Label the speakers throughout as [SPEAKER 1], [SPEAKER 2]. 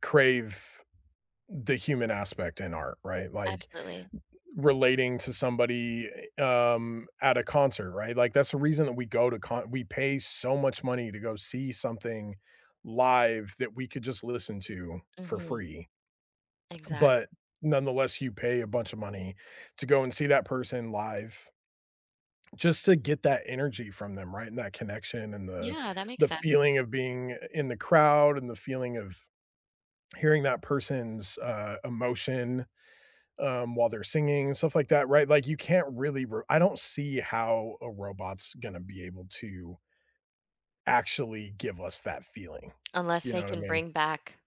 [SPEAKER 1] Crave the human aspect in art, right? Like,
[SPEAKER 2] Absolutely.
[SPEAKER 1] r relating to somebody, a um, at a concert, right? Like, that's the reason that we go to con we pay so much money to go see something live that we could just listen to for
[SPEAKER 2] Mhm.
[SPEAKER 1] free.
[SPEAKER 2] Exactly.
[SPEAKER 1] But nonetheless, you pay a bunch of money to go and see that person live, just to get that energy from them, right, and that connection and the
[SPEAKER 2] Yeah, that makes
[SPEAKER 1] the
[SPEAKER 2] sense.
[SPEAKER 1] feeling of being in the crowd and the feeling of hearing that person's, uh, emotion, um, while they're singing, stuff like that, right? Like, you can't really r I don't see how a robot's gonna be able to actually give us that feeling.
[SPEAKER 2] Unless
[SPEAKER 1] You
[SPEAKER 2] they
[SPEAKER 1] know what I
[SPEAKER 2] can
[SPEAKER 1] mean?
[SPEAKER 2] bring back,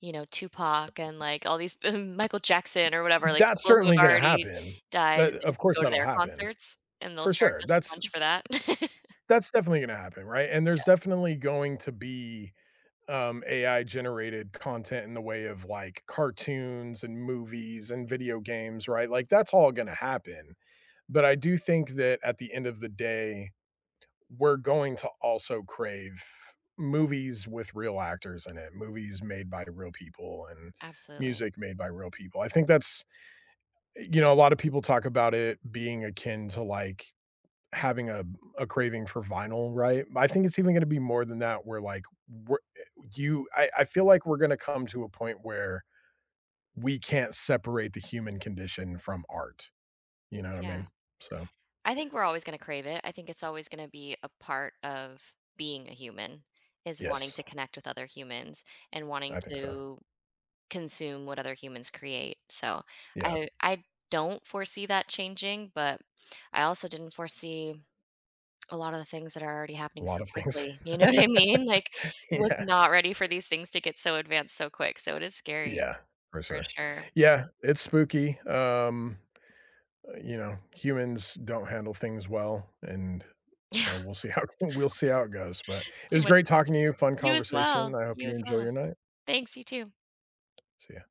[SPEAKER 2] you know, Tupac and, like, all these b Michael Jackson or whatever, like,
[SPEAKER 1] That's
[SPEAKER 2] people who have
[SPEAKER 1] certainly gonna
[SPEAKER 2] already
[SPEAKER 1] happen.
[SPEAKER 2] died,
[SPEAKER 1] That
[SPEAKER 2] and then you
[SPEAKER 1] of
[SPEAKER 2] can
[SPEAKER 1] course,
[SPEAKER 2] go to
[SPEAKER 1] that'll
[SPEAKER 2] their
[SPEAKER 1] happen.
[SPEAKER 2] concerts, and they'll
[SPEAKER 1] For
[SPEAKER 2] charge
[SPEAKER 1] sure,
[SPEAKER 2] us a
[SPEAKER 1] that's
[SPEAKER 2] bunch for that.
[SPEAKER 1] that's definitely gonna happen, right? And there's
[SPEAKER 2] Yeah.
[SPEAKER 1] definitely going to be, um, AI generated content in the way of, like, cartoons and movies and video games, right? Like, that's all gonna happen. But I do think that at the end of the day, we're going to also crave movies with real actors in it. Movies made by real people and
[SPEAKER 2] Absolutely.
[SPEAKER 1] music made by real people. I think that's e you know, a lot of people talk about it being akin to, like, having a a craving for vinyl, right? But I think it's even gonna be more than that where, like, w eh you I I feel like we're gonna come to a point where we can't separate the human condition from art. You know what I
[SPEAKER 2] Yeah.
[SPEAKER 1] mean? So
[SPEAKER 2] I think we're always gonna crave it, I think it's always gonna be a part of being a human, is wanting
[SPEAKER 1] Yes.
[SPEAKER 2] to connect with other humans and wanting
[SPEAKER 1] I think so.
[SPEAKER 2] to consume what other humans create. So
[SPEAKER 1] Yeah.
[SPEAKER 2] I uh, I don't foresee that changing, but I also didn't foresee a lot of the things that are already
[SPEAKER 1] A
[SPEAKER 2] happening
[SPEAKER 1] lot
[SPEAKER 2] so
[SPEAKER 1] of things.
[SPEAKER 2] quickly. You know what I mean? Like, I was
[SPEAKER 1] Yeah.
[SPEAKER 2] not ready for these things to get so advanced so quick. So it is scary
[SPEAKER 1] Yeah. For
[SPEAKER 2] for
[SPEAKER 1] sure.
[SPEAKER 2] sure.
[SPEAKER 1] Yeah, it's spooky, um, uh, you know, humans don't handle things well and
[SPEAKER 2] Yeah.
[SPEAKER 1] so we'll see how we'll see how it goes, but it
[SPEAKER 2] Too
[SPEAKER 1] was
[SPEAKER 2] much.
[SPEAKER 1] great talking to you.
[SPEAKER 2] [unintelligible]
[SPEAKER 1] Fun
[SPEAKER 2] You as well,
[SPEAKER 1] conversation, I hope
[SPEAKER 2] you
[SPEAKER 1] you
[SPEAKER 2] as
[SPEAKER 1] enjoy
[SPEAKER 2] well.
[SPEAKER 1] your night.
[SPEAKER 2] Thanks, you too.
[SPEAKER 1] See ya.